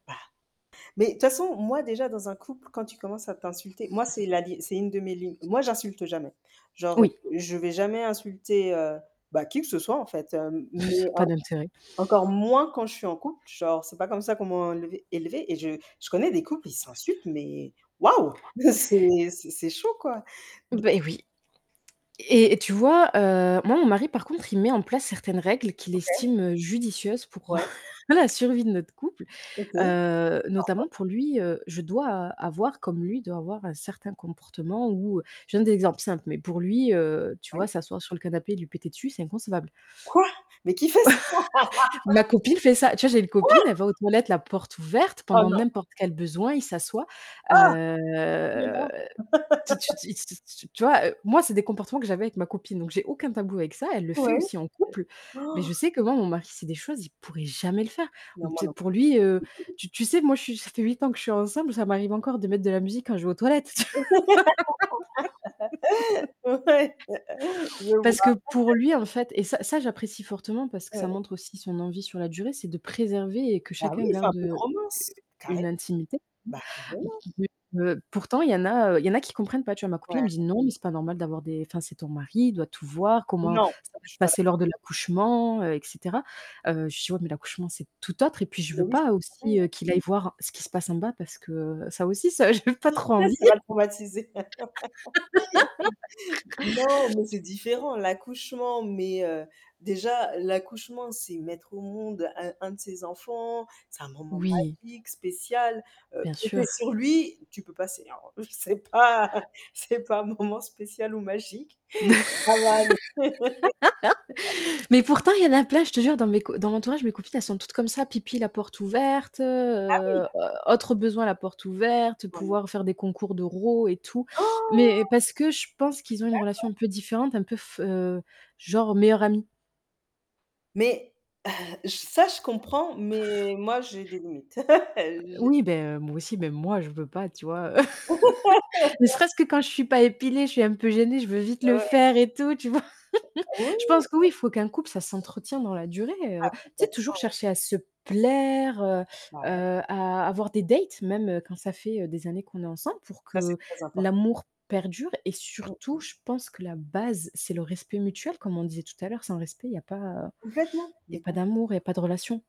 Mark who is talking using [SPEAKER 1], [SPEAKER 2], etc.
[SPEAKER 1] Bah, mais de toute façon, moi, déjà, dans un couple quand tu commences à t'insulter moi c'est la dé c'est une de mes lignes. Moi, j'insulte jamais, genre, heu,
[SPEAKER 2] Oui.
[SPEAKER 1] je vais jamais insulter, heu, bah, qui que ce soit, en fait, hem, mais en
[SPEAKER 2] Pas d'intérêt.
[SPEAKER 1] encore moins quand je suis en couple, genre, c'est pas comme ça qu'on m'ont enlevé élevé et je je connais des couples, ils s'insultent mais waouh! Mais c'est c'est chaud, quoi. Don
[SPEAKER 2] Beh, oui et et tu vois, heu, moi, mon mari, par contre, il met en place certaines règles qu'il
[SPEAKER 1] OK.
[SPEAKER 2] estime, heu, judicieuses pour
[SPEAKER 1] Ouais.
[SPEAKER 2] la survie de notre couple,
[SPEAKER 1] OK. Pardon?
[SPEAKER 2] heu, notamment pour lui, heu, je dois a avoir, comme lui, il doit avoir, un certain comportement où, heu, je te donne des exemples simples mais pour lui, heu, tu
[SPEAKER 1] Oui.
[SPEAKER 2] vois, s'asseoir sur le canapé et lui péter dessus, c'est inconcevable.
[SPEAKER 1] Quoi? Mais qui fait ça? Quoi?
[SPEAKER 2] Ma copine fait ça. Tu vois j'ai une copine, elle va aux toilettes la porte ouverte
[SPEAKER 1] Oh
[SPEAKER 2] pendant
[SPEAKER 1] non!
[SPEAKER 2] n'importe quel besoin, il s'assoit,
[SPEAKER 1] Ah!
[SPEAKER 2] heu,
[SPEAKER 1] Mais non.
[SPEAKER 2] tu ti its tu vois, heu, moi, c'est des comportements que j'avais avec ma copine donc j'ai aucun tabou avec ça. Elle le fait
[SPEAKER 1] Ouais,
[SPEAKER 2] aussi en couple
[SPEAKER 1] heu,
[SPEAKER 2] mais
[SPEAKER 1] han!
[SPEAKER 2] je sais que moi, mon mari, c'est des choses, il pourrait jamais le faire.
[SPEAKER 1] Non,
[SPEAKER 2] Mmh,
[SPEAKER 1] moi
[SPEAKER 2] tu sais
[SPEAKER 1] non
[SPEAKER 2] pour lui, heu,
[SPEAKER 1] plus.
[SPEAKER 2] tu tu sais, moi, je suis ça fait 8 ans que je suis ensemble, ça m'arrive encore de mettre de la musique quand je vais aux toilettes
[SPEAKER 1] Ouais. Je vois.
[SPEAKER 2] parce que pour lui en fait et ça, ça j'apprécie fortement parce que ça
[SPEAKER 1] Ouais.
[SPEAKER 2] montre aussi son envie sur la durée, c'est de préserver et que
[SPEAKER 1] Bah
[SPEAKER 2] chacun
[SPEAKER 1] oui, c'est un
[SPEAKER 2] garde,
[SPEAKER 1] peu de
[SPEAKER 2] heu,
[SPEAKER 1] romance.
[SPEAKER 2] u
[SPEAKER 1] Carrément,
[SPEAKER 2] une intimité. M
[SPEAKER 1] bah, voilà.
[SPEAKER 2] mais heu, pourtant il y en a, heu, il y en a qui comprennent pas, tu vois? Ma copine
[SPEAKER 1] Ouais.
[SPEAKER 2] elle me dit: «Non, mais c'est pas normal d'avoir des enfin, c'est ton mari, il doit tout voir, comment
[SPEAKER 1] Non!
[SPEAKER 2] ça va
[SPEAKER 1] Je
[SPEAKER 2] se
[SPEAKER 1] suis pas
[SPEAKER 2] passer
[SPEAKER 1] d'accord.
[SPEAKER 2] lors de l'accouchement, heu et cetera», heu, je lui dis: «Ouais, mais l'accouchement, c'est tout autre» et puis, je
[SPEAKER 1] Mais
[SPEAKER 2] veux
[SPEAKER 1] oui,
[SPEAKER 2] pas
[SPEAKER 1] c'est pareil.
[SPEAKER 2] aussi, heu, qu'il aille voir ce qui se passe en bas parce que ça aussi, ça, j'ai pas trop
[SPEAKER 1] Hé,
[SPEAKER 2] envie.
[SPEAKER 1] ça va le traumatiser. Non, mais c'est différent. L'accouchement, mais heu, déjà l'accouchement, c'est mettre au monde un un de ses enfants, c'est un moment
[SPEAKER 2] Oui.
[SPEAKER 1] magique, spécial, heu,
[SPEAKER 2] Bien
[SPEAKER 1] péter
[SPEAKER 2] sûr.
[SPEAKER 1] sur lui, tu peux passer alors, heu, c'est pas c'est pas un moment spécial ou magique. Ça va aller.
[SPEAKER 2] Mais pourtant, y en a plein, je te jure, dans mes co dans l'entourage, mes copines, elles sont toutes comme ça. Pipi, la porte ouverte, heu
[SPEAKER 1] Ah oui!
[SPEAKER 2] heu heu, autre besoin, la porte ouverte,
[SPEAKER 1] Oh! Non.
[SPEAKER 2] pouvoir faire des concours de rot et tout
[SPEAKER 1] Han!
[SPEAKER 2] mais parce que je pense qu'ils ont une relation
[SPEAKER 1] D'accord.
[SPEAKER 2] un peu différente, un peu f heu, genre, meilleur ami.
[SPEAKER 1] Mais heu, j ça je comprends, mais moi, j'ai des limites. J'ai
[SPEAKER 2] Oui, beh, moi aussi, mais moi, je veux pas, tu vois, heu, ne serait-ce que quand je suis pas épilée, je suis un peu gênée, je veux vite
[SPEAKER 1] Ouais,
[SPEAKER 2] le
[SPEAKER 1] ouais, ouais.
[SPEAKER 2] faire et tout, tu vois?
[SPEAKER 1] Oh oui,
[SPEAKER 2] Je
[SPEAKER 1] oui,
[SPEAKER 2] pense que
[SPEAKER 1] oui.
[SPEAKER 2] oui, faut qu'un couple, ça s'entretient dans la durée,
[SPEAKER 1] Ah
[SPEAKER 2] heu, tu sais,
[SPEAKER 1] complètement.
[SPEAKER 2] toujours
[SPEAKER 1] Oh
[SPEAKER 2] chercher à se plaire, heu
[SPEAKER 1] Bah oui.
[SPEAKER 2] heu, à avoir des dates même, heu, quand ça fait, heu, des années qu'on est ensemble, pour
[SPEAKER 1] Ça c'est
[SPEAKER 2] que
[SPEAKER 1] très impor
[SPEAKER 2] l'amour perdure et
[SPEAKER 1] Mmh
[SPEAKER 2] surtout
[SPEAKER 1] mh.
[SPEAKER 2] je pense que la base, c'est le respect mutuel comme on disait tout à l'heure, sans respect il y a pas, heu,
[SPEAKER 1] Complètement,
[SPEAKER 2] il y a
[SPEAKER 1] mais
[SPEAKER 2] pas
[SPEAKER 1] complètement.
[SPEAKER 2] d'amour, il y a pas de relation.